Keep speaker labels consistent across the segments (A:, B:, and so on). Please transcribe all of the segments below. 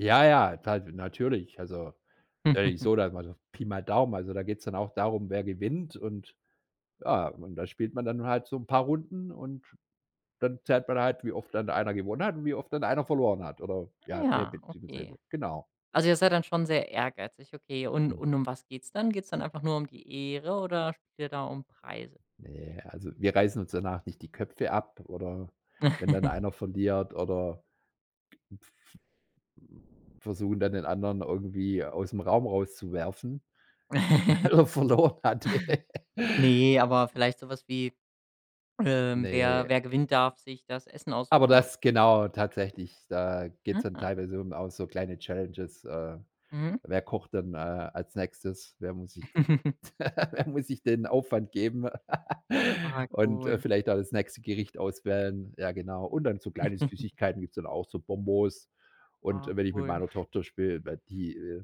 A: Ja, ja, da natürlich. Also, so ich sage mal so Pi mal Daumen, also da geht's dann auch darum, wer gewinnt und ja, und da spielt man dann halt so 'n paar Runden und dann zählt man halt, wie oft dann einer gewonnen hat und wie oft dann einer verloren hat oder,
B: Ah,
A: ja, ne
B: ja, okay.
A: beziehungsweise, genau.
B: Also ihr seid dann schon sehr ehrgeizig, okay. Und
A: Hm.
B: und um was geht's dann? Geht's dann einfach nur um die Ehre oder spielt ihr da um Preise?
A: Ne, also wir reißen uns danach nicht die Köpfe ab oder wenn dann einer verliert oder versuchen dann den anderen irgendwie aus'm Raum rauszuwerfen, weil er verloren hatte.
B: Ne, aber vielleicht so was wie, ähm, wer
A: Ne.
B: wer gewinnt darf, sich das Essen
A: Aber
B: aussuchen oder?
A: das genau tatsächlich, da geht's dann
B: Aha.
A: teilweise um auch so kleine Challenges, äh.
B: Mhm.
A: Wer kocht denn, äh, als Nächstes? Wer muss sich wer muss sich den Aufwand geben?
B: Ah,
A: Und, äh,
B: cool.
A: vielleicht auch das nächste Gericht auswählen, ja genau. Und dann so kleine Süßigkeiten gibt's dann auch, so Bonbons. Und
B: Ah,
A: wenn ich mit
B: cool.
A: meiner Tochter spiele, weil die, äh,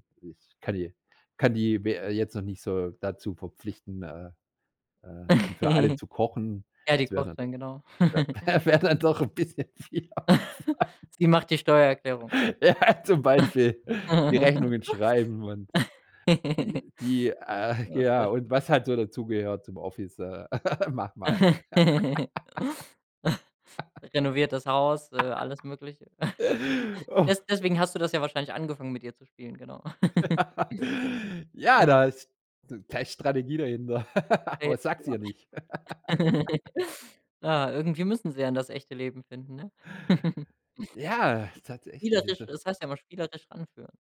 A: kann i kann die, we äh, jetzt noch nicht so, dazu verpflichten, äh, äh, für alle zu kochen,
B: Ja, die
A: das wäre
B: kocht
A: dann doch
B: dann, genau.
A: wäre dann doch, ein bisschen viel Aufwand.
B: Sie macht die Steuererklärung.
A: Ja, zum Beispiel die Rechnungen schreiben und die die ah,
B: Ja,
A: ja,
B: sehr sch
A: und was halt so dazugehört zum Office, mach mal.
B: Renoviertert das Haus, äh, alles Mögliche.
A: Oh.
B: Des deswegen hast du das ja wahrscheinlich angefangen, mit ihr zu spielen, genau.
A: Ja, da
B: Ah.
A: ist da ist Strategie dahinter, aber sag's
B: [unintelligible]
A: ihr nicht.
B: Ja, irgendwie müssen sie ja das echte Leben finden, ne?
A: Ja, tatsächlich,
B: Spielerisch
A: also
B: es heißt ja immer spielerisch ranführen.